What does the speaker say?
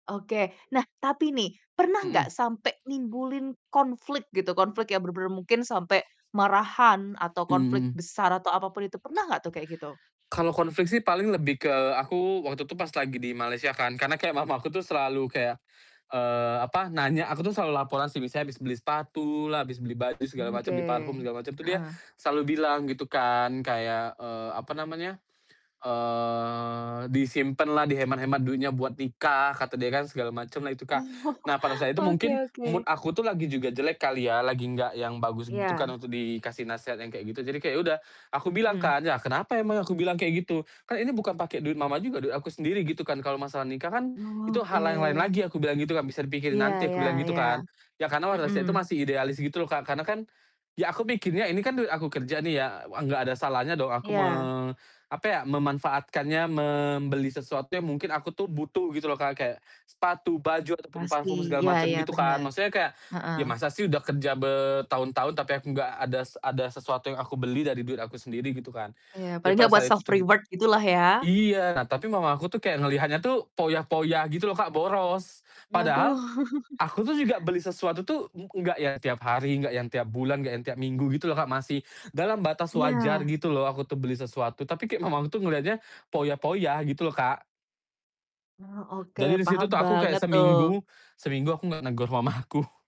Oke. Nah tapi nih, pernah Mmm. gak sampe nimbulin konflik gitu, konflik yang bener-bener mungkin sampe marahan atau konflik Mmm. besar atau apapun itu pernah gak tuh kayak gitu? Kalau konflik sih paling lebih ke aku waktu itu pas lagi di Malaysia kan, karena kayak mama aku tuh selalu kayak, eee, apa, nanya aku tuh selalu laporan sih misalnya habis beli sepatulah, habis beli baju segala Mmm, oke, macem, beli parfum segala macem tuh dia heeh. selalu bilang gitu kan kayak, eee, apa namanya, eee, "Disimpenlah, dihemat-hemat duitnya buat nikah," kata dia kan segala macemlah itu Kak. Oh, Nah pada saat itu mungkin Oke mood oke. aku tuh lagi juga jelek kali ya, lagi gak yang bagus gitu kan Iya. untuk dikasih nasehat yang kayak gitu. Jadi kayak ya udah aku bilang Hmm. kan, "Ya kenapa emangnya?" Aku bilang kayak gitu, "kan ini bukan pake duit Mama juga, duit aku sendiri gitu kan kalo masalah nikah kan itu hal yang lain Oke. lagi," aku bilang gitu kan, "bisa dipikirin Iya nanti." aku iya bilang gitu iya. kan. Ya karena pada saat itu Mhm. masih idealis gitu loh Kak, karena kan ya aku pikirnya ini kan duit aku kerja nih ya, enggak ada salahnya dong aku me Iya. apa ya, memanfaatkannya membeli sesuatu yang mungkin aku tuh butuh gitu loh Kak, kayak sepatu, baju, ataupun Pasti, parfum segala ya macem ya gitu kan, benar. maksudnya kayak ya Heeh. masa sih udah kerja bertahun-tahun, tapi aku gak adas ada sesuatu yang aku beli dari duit aku sendiri gitu kan, Iya, jadi paling gak pada buat saat itu self tuh gitu reward gitulah ya? iya, nah tapi mama aku tuh kayak ngelihatnya tuh foya-foya gitu loh Kak, boros, padahal Waduh. aku tuh juga beli sesuatu tuh e enggak yang tiap hari, enggak yang tiap bulan, enggak yang tiap minggu gitu loh Kak, masih dalam batas wajar Iya. gitu loh aku tuh beli sesuatu, tapi kayak mamahku tuh ngeliatnya foya-foya gitu loh Kak. Oh oke, Jadi di situ paham tuh aku kayak banget tuh. seminggu seminggu aku gak negor mamaku.